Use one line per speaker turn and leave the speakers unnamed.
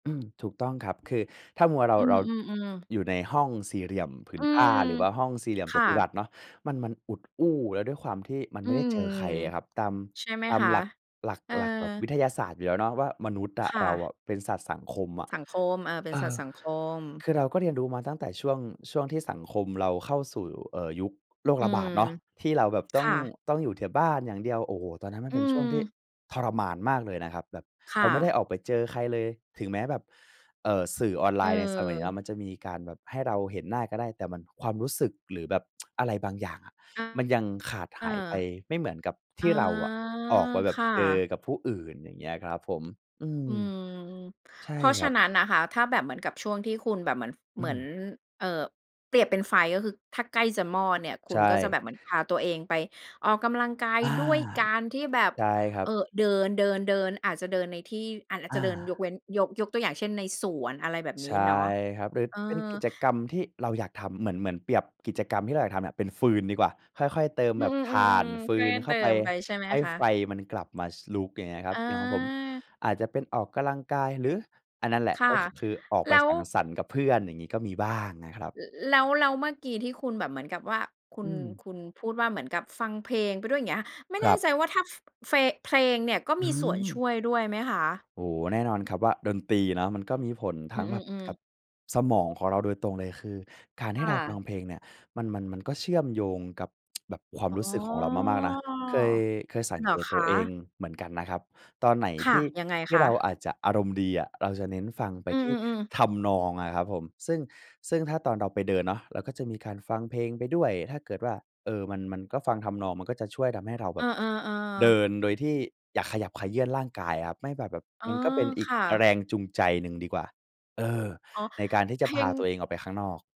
อืม ถูกต้องครับ คือถ้ามัวเรา
อื
เรา
อ ๆ ๆ
อยู่ในห้องสี่เหลี่ยมผื
อ
น
ื
ผ้
ม
า หรือว่าห้องสี่เหลี่ยม
ค
จั
่
ตุร
ะ
ัสเนาะ มัน มันอุดอู้ แล้วด้วยความที่มัน
อื
ไม่ได้
ม
เจอใครอะครับ ตาม
ใช่ไหม
ตาม
คะ?
หลัก หลัก
เออ
หลักแบบวิทยาศาสตร์อยู่แล้วเนาะว่า มนุษย์อ
ค
ะ
่
เรา
ะ
อะแบบเป็นสัตว์สังคมอะ
สังคม เออ เป็
เ
น
อ
สัต
อ
ว์สังคม
คือเราก็เรียนรู้มาตั้งแต่ช่วง ช่วงที่สังคมเราเข้าสู่ เอ่อ ยุคโรค
อื
ระบา
ม
ดเนาะ ที่เราแบบ
ค
ต้อง
่ะ
ต้องอยู่แต่บ้านอย่างเดียว โอ้โฮ! ตอนนั้นมัน
อื
เป็นช่วงที่
ม
ทรมานมากเลยนะครับ แบบ
ค
เร
่
าไม่ได้
ะ
ออกไปเจอใครเลย ถึงแม้แบบ เอ่อ สื่อออนไลน์ในสมัยเนี้ย
เออ
มันจะมีการแบบให้เราเห็นหน้าก็ได้ แต่มันความรู้สึก หรือแบบ อะไรบางอย่างอะ
อา
มันยังขาด
เอ
ห
อ
ายไป ไม่เหมือนกับท
อ๋
ี
อ
่เราอะออกไป แบ
ค
บ
่
เจอ
ะ
กับผู้อื่น อย่างเงี้ยครับผม อืม
อืม
ใช
เพ
่
ราะ
ค
ฉ
ร
ะ
ับ
นั้นนะคะ ถ้าแบบเหมือนกับช่วงที่คุณแบบเหมือน
อ
เ
ื
หมือน
ม
เอ่อ เปรียบเป็นไฟ ก็คือ ถ้าใกล้จะมอดเนี่ย คุ
ใช
ณก็จะแ
่
บบเหมือนพาตัวเองไปออกกำลังกาย
อา
ด้วยการที่แบบ
ใช่ครั
เอ่อ
บ
เดิน ๆ ๆ อาจจะเดินในที่ อาจ อาจ
อ
จะ
า
เดิน ยกเว้น ยก ยกตัวอย่างเช่น ในสวน อะไรแบบน
ใช
ี้
่
เนาะ
ครับ โดย
เออ
เป็นกิจกรรมที่เราอยากทำเหมือน เหมือนเปรียบกิจกรรมที่เราอยากทำเนี่ยเป็นฟืนดีกว่า ค่อย ๆ เติม
อื
แบบ
ม
ถ่าน
ๆ
ฟ
ๆ
ื
ๆ ก็ไ
น
ด้
เข
เต
้า
ิ
ไป
มไปใช่ไหม
ให้
คะ?
ไฟมันกลับมา ช ลุกอย่างเงี้ยครับ
อ
อย่างของผม
า
อาจจะเป็นออกกำลังกาย หรือ อันนั่นแหละ
ค่ะ
ก็คือออก
แ
ไ
ล
ป
้
ส
ว
ังสรรค์กับเพื่อน อย่างงี้ก็มีบ้างนะครับ
ล แล้ว แล้วเมื่อกี้ที่คุณแบบเหมือนกับว่า คุ
อื
ณ
ม
คุณพูดว่า เหมือนกับฟังเพลงไปด้วย อย่างเงี้ย ไม่
ค
แ
ร
น
ั
่
บ
ใจว่า ถ้า ฟ เฟง เพลงเนี่ย ก็
อื
มีส่วนช
ม
่วยด้วยไหมคะ?
โอ้โฮ แน่นอนครับว่า ดนตรีเนาะ มันก็มีผล
อ
ท
ื
ั้งแบบ
ม
ก
ๆ
ับ
ๆ
สมองของเราโดยตรงเลย คือการใ
ค
ห้
่
เราฟ
ะ
ังเพลงเนี่ย มัน มัน มันก็เชื่อมโยงกับ แบบความ
อ๋
ร
อ
ู้สึกของเรามาก ๆ นะ เคย เคยสัง
เหร
เก
อ
ต
ค
ตัว
ะ?
เองเหมือนกันนะครับ ตอนไหน
ค
ท
่ะ
ี่
ยังไง
ที
ค
่เ
ะ?
ราอาจจะอารมณ์ดีอะ เราจะเน้นฟังไป
อื
ที่
อ ๆ ๆ
ทำนองอะครับผม ซึ่ง ซึ่งถ้าตอนเราไปเดินเนาะ เราก็จะมีการฟังเพลงไปด้วยถ้าเกิดว่า เออ มัน มันก็ฟังทำนอง มันก็จะช่วยทำให้เราแ
เ
บ
อ
บ
อ
เด
ๆ ๆ
ินโดยที่อยากขยับเขยื่อนร่างกายครับ ไม่แบบ แบบ
อ๋
ม
อ
ันก็เป็นอีก
ค่ะ
แรงจูงใจหนึ่งดีกว่า เออ
อ๋อ
ในการที่จ
เพ
ะ
ล
พา
ง
ตัวเองออกไปข้างนอก